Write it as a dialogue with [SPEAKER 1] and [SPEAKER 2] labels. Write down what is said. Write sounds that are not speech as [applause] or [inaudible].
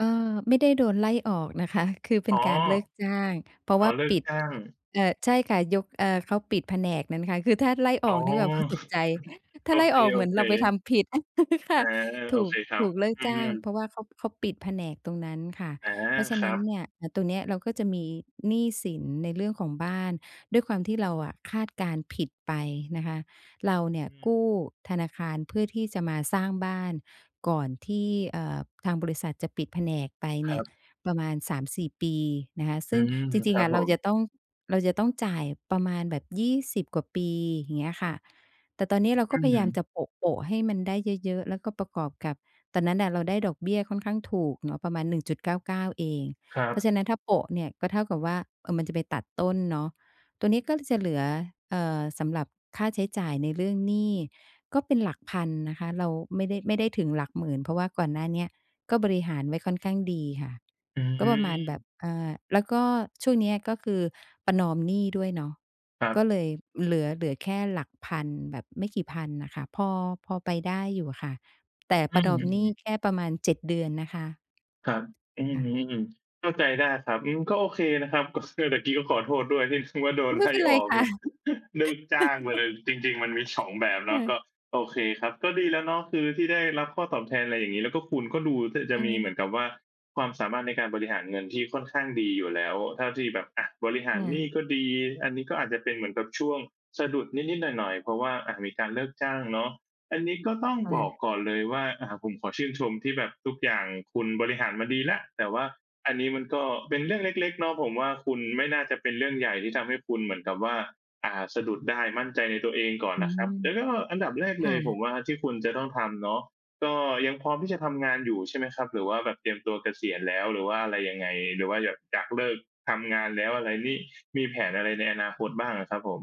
[SPEAKER 1] เอ่อ ไม่ได้โดนไล่ออกนะคะ คือเป
[SPEAKER 2] อ
[SPEAKER 1] ็
[SPEAKER 2] ๋
[SPEAKER 1] น
[SPEAKER 2] อ
[SPEAKER 1] การเลิกจ้าง เพราะ
[SPEAKER 2] อ๋
[SPEAKER 1] ว
[SPEAKER 2] อ
[SPEAKER 1] ่า
[SPEAKER 2] เลิ
[SPEAKER 1] ป
[SPEAKER 2] ก
[SPEAKER 1] ิด
[SPEAKER 2] จ้าง
[SPEAKER 1] เอ่อ ใช่ค่ะ ยก เอ่อ เขาปิดแผนกนั้นค่ะ คือถ้าไล่อ
[SPEAKER 2] อ๋อ
[SPEAKER 1] อก นี่แบบตก
[SPEAKER 2] [chuckles]
[SPEAKER 1] ใจ ถ้
[SPEAKER 2] โอ
[SPEAKER 1] าไล่
[SPEAKER 2] เค
[SPEAKER 1] ออก
[SPEAKER 2] โ
[SPEAKER 1] เ
[SPEAKER 2] อ
[SPEAKER 1] หมือน
[SPEAKER 2] เค
[SPEAKER 1] เราไปทำผิด [laughs] ค่ะ
[SPEAKER 2] อ่า โ
[SPEAKER 1] ถ
[SPEAKER 2] อ
[SPEAKER 1] ู
[SPEAKER 2] เ
[SPEAKER 1] ก
[SPEAKER 2] คครั
[SPEAKER 1] ถ
[SPEAKER 2] บ
[SPEAKER 1] ูกเลิก
[SPEAKER 2] อื
[SPEAKER 1] จ้างเพ
[SPEAKER 2] ม
[SPEAKER 1] ราะว่าเขา เขาปิดแผนกตรงนั้นค่ะ
[SPEAKER 2] อา
[SPEAKER 1] เพราะฉะ
[SPEAKER 2] ค
[SPEAKER 1] น
[SPEAKER 2] ร
[SPEAKER 1] ั
[SPEAKER 2] ั
[SPEAKER 1] ้น
[SPEAKER 2] บ
[SPEAKER 1] เนี่ย อ่า ตรงเนี้ยเราก็จะมีหนี้สิน ในเรื่องของบ้าน ด้วยความที่เราอะ คาดการณ์ผิดไปนะคะ เราเนี่
[SPEAKER 2] อ
[SPEAKER 1] ย
[SPEAKER 2] ืม
[SPEAKER 1] กู้ธนาคารเพื่อที่จะมาสร้างบ้านก่อนที่ เอ่อ ทางบริษัทจะปิดแผนกไป
[SPEAKER 2] ค
[SPEAKER 1] เน
[SPEAKER 2] ร
[SPEAKER 1] ี่
[SPEAKER 2] ั
[SPEAKER 1] ย
[SPEAKER 2] บ
[SPEAKER 1] ประมาณ 3-4 ปี นะคะ
[SPEAKER 2] อ
[SPEAKER 1] ซ
[SPEAKER 2] ื
[SPEAKER 1] ึ่ง
[SPEAKER 2] ม
[SPEAKER 1] จร
[SPEAKER 2] ค
[SPEAKER 1] ิง
[SPEAKER 2] รั
[SPEAKER 1] ๆ อ
[SPEAKER 2] บ
[SPEAKER 1] ะ
[SPEAKER 2] ผ
[SPEAKER 1] เราจ
[SPEAKER 2] ม
[SPEAKER 1] ะต้อง เราจะต้องจ่ายประมาณแบบ 20 กว่าปี อย่างเงี้ยค่ะ แต่ตอนนี้เรา
[SPEAKER 2] อ
[SPEAKER 1] ก
[SPEAKER 2] ื
[SPEAKER 1] ็พยายาม
[SPEAKER 2] ม
[SPEAKER 1] จะโปะ ๆให้มันได้เยอะ ๆ แล้วก็ประกอบกับ ตอนนั้นอะ เราได้ดอกเบี้ยค่อนข้างถูกเนาะ ประมาณ 1.99 เอง
[SPEAKER 2] ครั
[SPEAKER 1] เพราะ
[SPEAKER 2] บ
[SPEAKER 1] ฉะนั้น ถ้าโปะเนี่ย ก็เท่ากับว่า เอ่อ มันจะไปตัดต้นเนาะ ตัวนี้ก็จะเหลือ เอ่อ สำหรับค่าใช้จ่ายในเรื่องหนี้ก็เป็นหลักพันนะคะ เราไม่ได้ ไม่ได้ถึงหลักหมื่น เพราะว่าก่อนหน้าเนี้ย ก็บริหารไว้ค่อนข้างดีค่ะ
[SPEAKER 2] อ
[SPEAKER 1] ก็ประมาณแบ
[SPEAKER 2] ืม
[SPEAKER 1] บ อ่า แล้วก็ช่วงนี้ ก็คือประนอมหนี้ด้วยเนาะ
[SPEAKER 2] ครั
[SPEAKER 1] ก็
[SPEAKER 2] บ
[SPEAKER 1] เลยเหลือ เหลือแค่หลักพัน แบบไม่กี่พันอะค่ะ พอ พอไปได้อยู่อะค่ะ แต่
[SPEAKER 2] อื
[SPEAKER 1] ประนอมหนี
[SPEAKER 2] ม
[SPEAKER 1] ้
[SPEAKER 2] ๆ
[SPEAKER 1] แค่ประมาณ 7 เดือนนะคะ
[SPEAKER 2] ครับ อื
[SPEAKER 1] ค
[SPEAKER 2] อ
[SPEAKER 1] ่
[SPEAKER 2] ฮึ
[SPEAKER 1] ะ
[SPEAKER 2] อืม เข้าใจได้ครับ อืม ก็โอเคนะครับ เรื่องตะกี้ก็ขอโทษด้วยที่ว่า โด
[SPEAKER 1] อ๋
[SPEAKER 2] น
[SPEAKER 1] อ ไ
[SPEAKER 2] ไ
[SPEAKER 1] ม่
[SPEAKER 2] ล่
[SPEAKER 1] เป็นไ
[SPEAKER 2] อ
[SPEAKER 1] ร
[SPEAKER 2] อก
[SPEAKER 1] ค่ะ
[SPEAKER 2] [laughs] เลิกจ้างไปเลย จริง ๆ มันมี 2 แบบ
[SPEAKER 1] [laughs]
[SPEAKER 2] เ
[SPEAKER 1] ค
[SPEAKER 2] น
[SPEAKER 1] ่
[SPEAKER 2] าะ ก
[SPEAKER 1] ะ
[SPEAKER 2] ็ โอเคครับ ก็ดีแล้วเนาะ คือที่ได้รับข้อตอบแทน อะไรอย่างงี้ แล้วก็คุณก็ดูจะ
[SPEAKER 1] ไ
[SPEAKER 2] มีเหมื
[SPEAKER 1] ป
[SPEAKER 2] อนกับว่า ความสามารถในการบริหารเงินที่ค่อนข้างดีอยู่แล้ว เท่าที่แบบ อ่า บริห
[SPEAKER 1] ค
[SPEAKER 2] าร
[SPEAKER 1] ่
[SPEAKER 2] หนี้
[SPEAKER 1] ะ
[SPEAKER 2] ก็ดี อันนี้ก็อาจจะเป็นเหมือนกับช่วงสะดุดนิด ๆ หน่อย ๆ เพราะว่า อ่า มีการเลิกจ้างเนาะ อันนี้ก็ต้อง
[SPEAKER 1] ค่
[SPEAKER 2] บอก
[SPEAKER 1] ะ
[SPEAKER 2] ก่อนเลยว่า อ่า ผมขอชื่นชมที่แบบทุกอย่างคุณบริหารมาดีแล้ว แต่ว่าอันนี้มันก็เป็นเรื่องเล็ก ๆ เนาะ ผมว่า คุณไม่น่าจะเป็นเรื่องใหญ่ ที่ทำให้คุณเหมือนกับว่า อ่า สะดุดได้มั่นใจในตัวเองก่อน
[SPEAKER 1] อื
[SPEAKER 2] นะคร
[SPEAKER 1] ม
[SPEAKER 2] ับ แล้วก็อันดับแรก
[SPEAKER 1] ค
[SPEAKER 2] เล
[SPEAKER 1] ่
[SPEAKER 2] ย ผม
[SPEAKER 1] ะ
[SPEAKER 2] ว่า ที่คุณจะต้องทำเนาะ ก็ยังพร้อมที่จะทำงานอยู่ใช่ไหมครับ หรือว่าแบบเตรียมตัวเกษียณแล้ว หรือว่าอะไรยังไง หรือว่าแบบอยากเลิกทำงานแล้ว อะไรนี่ มีแผนอะไรในอนาคตบ้างอะครับผม?